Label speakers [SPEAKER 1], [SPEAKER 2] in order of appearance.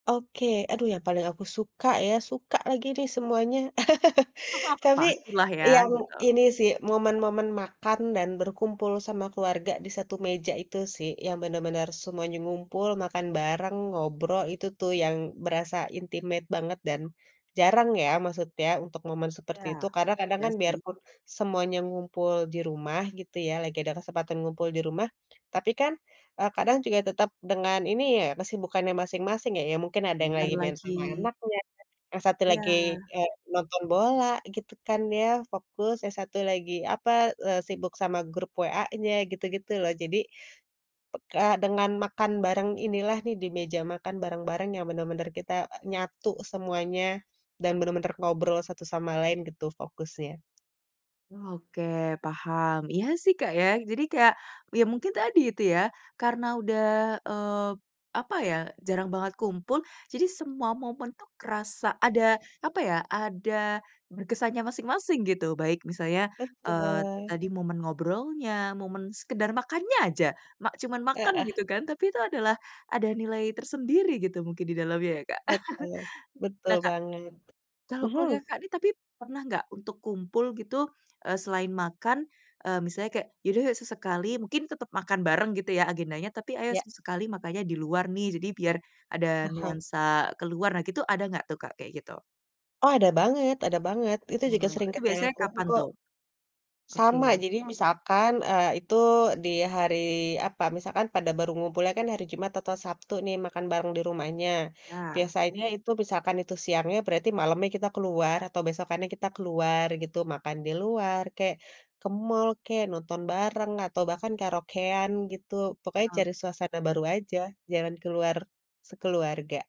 [SPEAKER 1] Oke, aduh yang paling aku suka ya, suka lagi nih semuanya. Tapi
[SPEAKER 2] Pastilah ya,
[SPEAKER 1] yang
[SPEAKER 2] gitu.
[SPEAKER 1] ini sih, momen-momen makan dan berkumpul sama keluarga di satu meja itu sih, yang bener-bener semuanya ngumpul, makan bareng, ngobrol, itu tuh yang berasa intimate banget dan jarang ya maksudnya untuk momen seperti
[SPEAKER 2] Iya
[SPEAKER 1] itu, karna kadang
[SPEAKER 2] iya,
[SPEAKER 1] kan biar
[SPEAKER 2] sih.
[SPEAKER 1] pun semuanya ngumpul di rumah gitu ya, lagi ada kesempatan ngumpul di rumah, tapi kan, eee, kadang juga tetap dengan ini ya kesibukannya masing-masing ya, ya mungkin ada yang
[SPEAKER 2] Bener
[SPEAKER 1] lagi main
[SPEAKER 2] lagi.
[SPEAKER 1] sama anak, yang satu lagi,
[SPEAKER 2] Iya.
[SPEAKER 1] eee, nonton bola gitu kan ya, fokus, yang satu lagi apa, eee, sibuk sama grup WA-nya, gitu-gitu loh. Jadi, pek kayak dengan makan bareng inilah nih di meja makan bareng-bareng yang bener-bener kita nyatu semuanya dan benar-benar ngobrol satu sama lain gitu fokusnya.
[SPEAKER 2] Oke, paham. Iya sih, Kak, ya. Jadi kayak ya
[SPEAKER 1] Mmm.
[SPEAKER 2] mungkin tadi itu ya karena udah, eee, apa ya, jarang banget kumpul, jadi semua momen tuh kerasa ada apa ya, ada berkesannya masing-masing gitu, baik misalnya, eee,
[SPEAKER 1] Betul.
[SPEAKER 2] tadi momen ngobrolnya, momen sekedar makannya aja. Ma cuma makan
[SPEAKER 1] Heeh.
[SPEAKER 2] gitu kan, tapi itu adalah ada nilai tersendiri gitu mungkin di dalamnya ya, Kak.
[SPEAKER 1] Betul. Betul
[SPEAKER 2] Nah, Kak,
[SPEAKER 1] banget.
[SPEAKER 2] kalau keluarga
[SPEAKER 1] Mhm.
[SPEAKER 2] Kakak nih tapi pernah gak untuk kumpul gitu, eee, selain makan, eee, misalnya kayak, "Ya udah yuk sesekali," mungkin tetep makan bareng gitu ya agendanya, tapi, "Ayo
[SPEAKER 1] Iya.
[SPEAKER 2] sesekali makanya di luar nih, jadi biar ada
[SPEAKER 1] Mhm.
[SPEAKER 2] nuansa ke luar." Nah, gitu ada gak tuh, Kak, kayak gitu?
[SPEAKER 1] Oh, ada banget ada banget. Itu juga
[SPEAKER 2] Wah,
[SPEAKER 1] sering
[SPEAKER 2] itu
[SPEAKER 1] kita
[SPEAKER 2] biasanya
[SPEAKER 1] lakuin
[SPEAKER 2] kapan
[SPEAKER 1] kok.
[SPEAKER 2] tuh?
[SPEAKER 1] Sama,
[SPEAKER 2] Oke.
[SPEAKER 1] jadi misalkan, eee, itu di hari apa, misalkan pada baru ngumpulnya kan hari Jumat atau Sabtu nih makan bareng di rumahnya.
[SPEAKER 2] Ya.
[SPEAKER 1] Biasanya itu misalkan itu siangnya, berarti malemnya kita ke luar atau besokannya kita ke luar gitu. Makan di luar kayak, ke mall kek, nonton bareng atau bahkan karaokean gitu, pokoknya
[SPEAKER 2] Oke
[SPEAKER 1] cari suasana
[SPEAKER 2] deh.
[SPEAKER 1] baru aja, jalan ke luar sekeluarga.